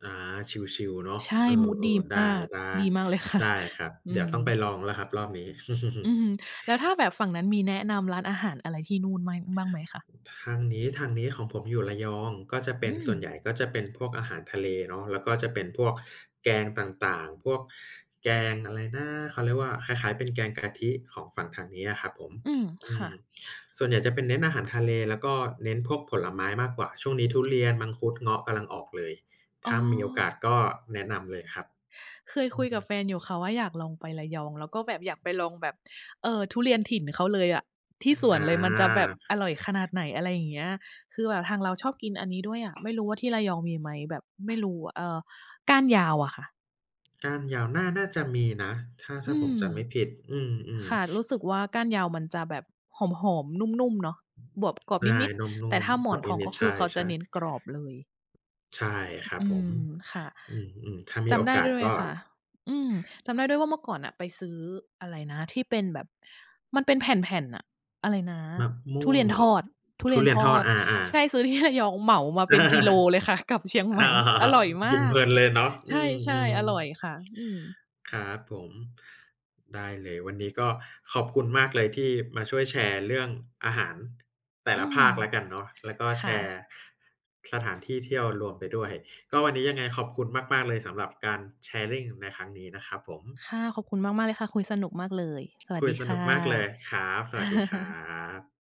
อา ชิล ๆ เนาะ ใช่ เออ มูดดีๆ ได้ มาก ดีมาก เลยค่ๆ ะ ได้ครับ อืเดี๋ยวต้องไปม ลองแล้วครับรอบนี้ อือฮึ แล้วถ้าแบบฝั่งนั้นมีแนะนำร้านอาหารอะไรที่นู่นไม่ บ้างไหมคะ? ทางนี้ ทางนี้ของผมอยู่ระยอง ก็จะเปอ็ืน ม ส่วนใหญ่ก็จะเป็นพวกอาหารทะเลเนาะ แล้วก็จะเป็นพวกแกงต่าง ๆ พวกแกงอะไรนะ เขาเรียกว่าคล้าย ๆ เป็นแกงกะทิของฝั่งทางเนี้ยครับผม อืม อืค่ม ะ ส่วนใหญ่จะเป็นเน้นอาหารทะเล แล้วก็เน้นพวกผลไม้มากกว่า ช่วงนี้ทุเรียน มังคุด เงาะ กำลังออกเลย อถ๋้ามีโอกอ าสก็แนะนำเลยครับ เคยอคืุอยฮกับึ แฟนอยู่ค่ะว่าอยากลองไประยอง แล้วก็แบบอยากไปลองแบบ เอ่อ ทุเรียนถิ่นเขาเลยอะ ทีอ ่สวอนเลย มันจะแบบอา ร่อยขนาดไหน อะไรอย่างเงี้ย คือแบบทางเราชอบกินอันนี้ด้วยอะ ไม่รู้ว่าที่ระยองมีไหม? แบบไม่รู้ เอ่อ ก้านยาวอะค่ะ ก้านยาวน่า น่าจะมีนะ ถ้า ถ้อืาผมม จำไม่ผิด อืม ค่ะ รูๆ ้สึกว่าก้านยาวมันจะแบบหอม ๆ นุ่ม ๆ เนาะ บวกกรอบใช่ นิด นุ่ๆ แต่ม ถ้าหมๆ กรอนอบทองนิก็ด ๆ ใคชือเขาจะ่ เน้นๆ กรอบเลย ใช่ครัอบืผม ม ค่ะ อืม ๆ ถ้ามจีโอำได้กาด้สวยไหมก็ ค่ะ? อืม จำได้ด้วยว่าเมื่อก่อนน่ะไปซื้ออะไรนะ ที่เป็นแบบมันเป็นแผ่น ๆ น่ะ อะไรนะ มะมทุ่วเรงียนเหรทอ? อด ทุทเรุียนเรียทนทออด ด อา ใช่ ๆ ซื้อที่ระยองเหมามาเป็นกิโลเลยค่ะกลับเชียงใหมอ๋่ อ อร่อยมกินาเพก ลินเลยเนาะ ใชอื่ อ ๆ อร่อยๆ ค่ะ อืม ครับผม ได้เลย วันนี้ก็ขอบคุณมากเลยที่มาช่วยแชร์เรื่องอาหารแต่อืละภม าคแล้วกันเนาะ แล้วก็คแช่ะ ร์สถานที่เที่ยวรวมไปด้วย ก็วันนี้ยังไงขอบคุณมาก ๆ เลย สำหรับการ sharing ในครั้งนี้นะครับผม ค่ะ ขอบคุณมาก ๆ เลยค่ะ คุยสนุกมากเลย สวัคสุดยีสคนุ่กมากเลย ครับ สะ วัสดีครับ